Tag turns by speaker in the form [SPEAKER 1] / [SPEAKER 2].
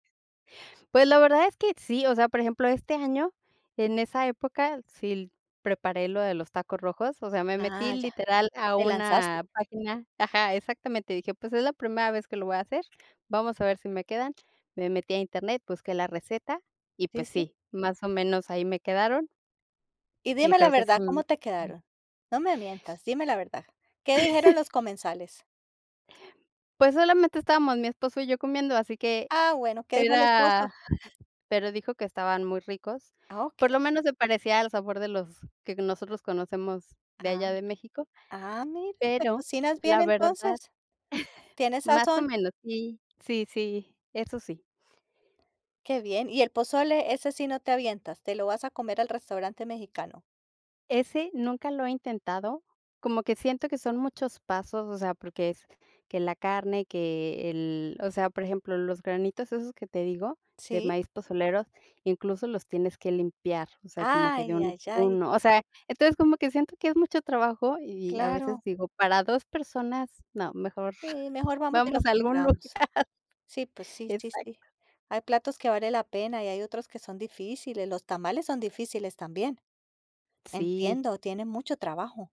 [SPEAKER 1] Pues, la verdad es que sí, o sea, por ejemplo, este año, en esa época sí l preparé lo de los tacos rojos, o sea, me metí
[SPEAKER 2] Ah, ya.
[SPEAKER 1] literal a
[SPEAKER 2] Te lanzaste.
[SPEAKER 1] una página ajá, exactamente, dije: "Pues es la primera vez que lo voy a hacer, vamos a ver si me quedan", me metí a Internet, busqué la receta y,
[SPEAKER 2] Sí,
[SPEAKER 1] pues,
[SPEAKER 2] sí.
[SPEAKER 1] sí, más o menos, ahí me quedaron.
[SPEAKER 2] Y
[SPEAKER 1] Y
[SPEAKER 2] dime la
[SPEAKER 1] creo que sí,
[SPEAKER 2] verdad, ¿cómo te
[SPEAKER 1] mm
[SPEAKER 2] quedaron? No me mientas, dime la verdad, ¿qué dijeron los comensales?
[SPEAKER 1] Pues, solamente estábamos mi esposo y yo comiendo, así que
[SPEAKER 2] Ah, bueno, ¿qué dijo el
[SPEAKER 1] era
[SPEAKER 2] esposo?
[SPEAKER 1] pero dijo que estaban muy ricos,
[SPEAKER 2] Ah, okey.
[SPEAKER 1] por lo menos se parecía al sabor de los que nosotros conocemos de
[SPEAKER 2] Ah.
[SPEAKER 1] allá de México,
[SPEAKER 2] Ah, mira, te
[SPEAKER 1] pero
[SPEAKER 2] cocinas bien,
[SPEAKER 1] la verdad
[SPEAKER 2] entonces. ¿Tienes
[SPEAKER 1] más o
[SPEAKER 2] sazón?
[SPEAKER 1] menos s í, sí, sí, eso sí.
[SPEAKER 2] Qué bien, ¿y el pozole?, ese sí no te avientas, te lo vas a comer al restaurante mexicano.
[SPEAKER 1] Ese nunca lo he intentado, como que siento que son muchos pasos, o sea, porque es que la carne, que el, o sea, por ejemplo, los granitos esos que te digo, de
[SPEAKER 2] Sí.
[SPEAKER 1] maíz pozolero, incluso los tienes que limpiar, o sea, como que de
[SPEAKER 2] Ay,
[SPEAKER 1] uno en
[SPEAKER 2] ay, ay.
[SPEAKER 1] uno, o sea, entonces, como que siento que es mucho trabajo y, a
[SPEAKER 2] Claro.
[SPEAKER 1] veces, digo: "Para 2 personas, no, mejor
[SPEAKER 2] Sí, mejor vamos y
[SPEAKER 1] vamos
[SPEAKER 2] lo
[SPEAKER 1] a algún lugar.
[SPEAKER 2] compramos. Sí, pues sí, sí, sí.
[SPEAKER 1] Exacto.
[SPEAKER 2] Hay platos que vale la pena y hay otros que son difíciles, los tamales son difíciles, también.
[SPEAKER 1] Sí.
[SPEAKER 2] Entiendo, tienen mucho trabajo.